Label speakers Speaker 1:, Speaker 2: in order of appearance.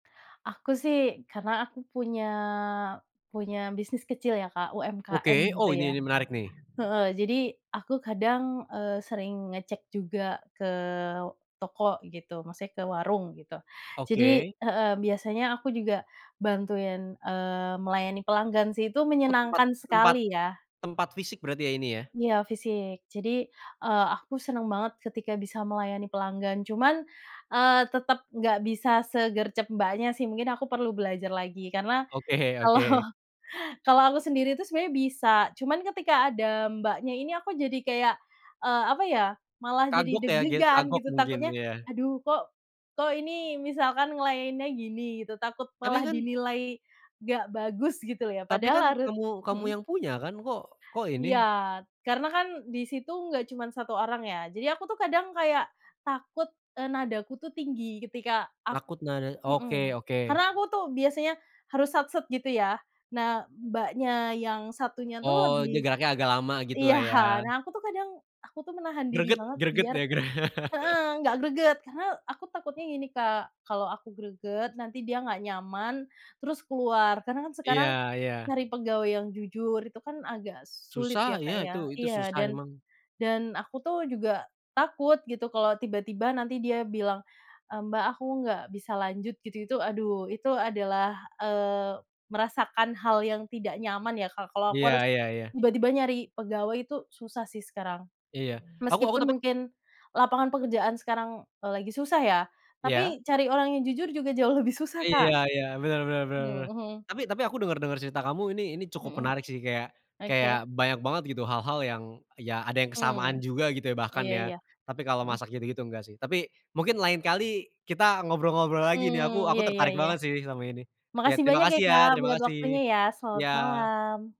Speaker 1: Aku sih karena aku punya punya bisnis kecil ya Kak, UMKM
Speaker 2: Oke,
Speaker 1: gitu
Speaker 2: oh ini
Speaker 1: ya
Speaker 2: nih, menarik nih.
Speaker 1: heeh. Jadi, aku kadang, eee, sering ngecek juga ke toko gitu, maksudnya ke warung gitu. Jadi
Speaker 2: Oke.
Speaker 1: heeh, biasanya aku juga bantuin, eee, melayani pelanggan sih, itu
Speaker 2: Oh, tempat
Speaker 1: menyenangkan
Speaker 2: tempat
Speaker 1: sekali ya.
Speaker 2: tempat fisik, berarti ya ini ya?
Speaker 1: Iya fisik. Jadi, eee, aku senang banget ketika bisa melayani pelanggan. Cuman, eee, tetap enggak bisa segercep Mbaknya, sih. Mungkin aku perlu belajar lagi. Karena
Speaker 2: Oke
Speaker 1: kalau
Speaker 2: oke.
Speaker 1: kalau aku sendiri itu sebenarnya bisa, cuman ketika ada Mbaknya ini aku jadi kayak, eee, apa ya, malah jadi
Speaker 2: Kagok ya dia,
Speaker 1: deg-degan,
Speaker 2: kagok
Speaker 1: gitu.
Speaker 2: mungkin,
Speaker 1: Takutnya,
Speaker 2: iya.
Speaker 1: aduh kok kok ini misalkan ngelayaninnya gini, gitu. Takut malah
Speaker 2: Tapi kan
Speaker 1: dinilai enggak bagus gitu loh ya.
Speaker 2: Tapi
Speaker 1: Padahal
Speaker 2: kan
Speaker 1: harus
Speaker 2: kamu kamu
Speaker 1: mhm.
Speaker 2: yang punya kan. Kok kok
Speaker 1: Iya,
Speaker 2: ini?
Speaker 1: karena kan di situ enggak cuman 1 orang ya. Jadi, aku tuh kadang kayak takut, eee, nadaku tuh tinggi ketika ak
Speaker 2: Takut nada, oke
Speaker 1: mhm. Karena,
Speaker 2: oke.
Speaker 1: aku tuh biasanya harus sat-set gitu ya. Nah, Mbaknya yang satunya tuh
Speaker 2: Oh, dia
Speaker 1: lebih
Speaker 2: geraknya agak lama gitulah
Speaker 1: iya.
Speaker 2: ya.
Speaker 1: Nah, aku tuh kadang aku tuh menahan diri
Speaker 2: Greget
Speaker 1: banget
Speaker 2: greget
Speaker 1: biar
Speaker 2: ya. Greg
Speaker 1: heeh. Enggak greget, karena aku takutnya gini Kak, kalau aku greget nanti dia enggak nyaman, terus keluar. Karena kan sekarang
Speaker 2: Iya iya.
Speaker 1: nyari pegawai yang jujur itu kan agak sulit ya
Speaker 2: Susah,
Speaker 1: Kak,
Speaker 2: ya
Speaker 1: ya.
Speaker 2: itu. Itu
Speaker 1: Iya.
Speaker 2: susah
Speaker 1: Dan
Speaker 2: emang.
Speaker 1: dan, aku tuh juga takut gitu kalau tiba-tiba nanti dia bilang, eee, "Mbak, aku enggak bisa lanjut," gitu itu aduh, itu adalah, eee, merasakan hal yang tidak nyaman ya Kak. Kalau aku harus,
Speaker 2: Iya iya iya.
Speaker 1: tiba-tiba nyari pegawai itu susah sih sekarang.
Speaker 2: Iya. Aku aku
Speaker 1: Meskipun
Speaker 2: tapi
Speaker 1: mungkin lapangan pekerjaan sekarang lagi susah ya,
Speaker 2: Iya.
Speaker 1: tapi cari orang yang jujur juga jauh lebih susah
Speaker 2: Iya
Speaker 1: Kak
Speaker 2: iya, bener bener bener bener.
Speaker 1: mhm.
Speaker 2: Tapi tapi aku denger-denger cerita kamu ini ini cukup
Speaker 1: Mhm,
Speaker 2: menarik sih. Kayak kayak,
Speaker 1: oke.
Speaker 2: banyak banget gitu hal-hal yang, ya ada yang kesamaan
Speaker 1: Mmm,
Speaker 2: juga gitu ya, bahkan
Speaker 1: iya
Speaker 2: ya.
Speaker 1: iya,
Speaker 2: Tapi, kalau
Speaker 1: mhm.
Speaker 2: masak gitu-gitu enggak sih. Tapi, mungkin lain kali kita ngobrol-ngobrol lagi nih
Speaker 1: Mmm,
Speaker 2: aku
Speaker 1: iya
Speaker 2: aku
Speaker 1: iya
Speaker 2: tertarik
Speaker 1: iya.
Speaker 2: banget sih sama ini. Ya
Speaker 1: Makasih
Speaker 2: terima
Speaker 1: banyak ya
Speaker 2: kasih ya,
Speaker 1: Kak,
Speaker 2: terima
Speaker 1: buat
Speaker 2: kasih!
Speaker 1: waktunya ya, selamat
Speaker 2: Iya.
Speaker 1: malam!